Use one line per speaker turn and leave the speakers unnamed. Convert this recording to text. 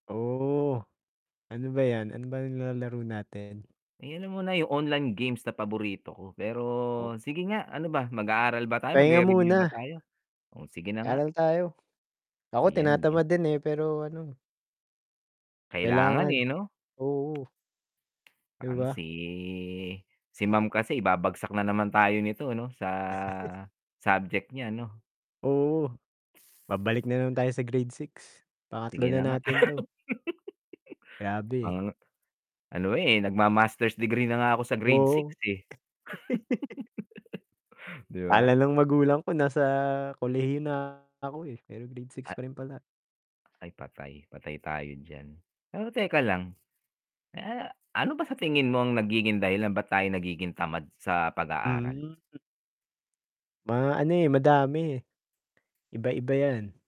Oh, ano ba yan, ano ba yung nilalaro natin?
Ayun na muna yung online games na paborito ko, pero sige nga, ano ba mag-aaral ba tayo?
Pahinga
Magre-review ba
muna.
tayo? Oh, sige na nga.
Aral tayo. Ako tinatamad din eh, pero ano
Kailangan,
kailangan.
eh, 'no.
Oo. 'Di
Um,
ba?
si, si Ma'am kasi ibabagsak na naman tayo nito 'no, sa subject niya 'no?
Oo, babalik na naman tayo sa grade 6, pangatlo
Sige na
na
nga.
natin to.
Mga
Grabe.
ano eh nagma-master's degree na nga ako sa grade 6
Oo.
eh. 'di
Kala
ba?
ng magulang ko nasa kolehiyo na ako eh, pero grade 6 pa rin pala.
Ay patay, patay tayo diyan, pero teka lang. Eh, ano ba sa tingin mo ang nagiging dahilan ba't tayo nagiging tamad sa pag aaral?
Hmm. Mga ano eh, madami. Iba-iba yan.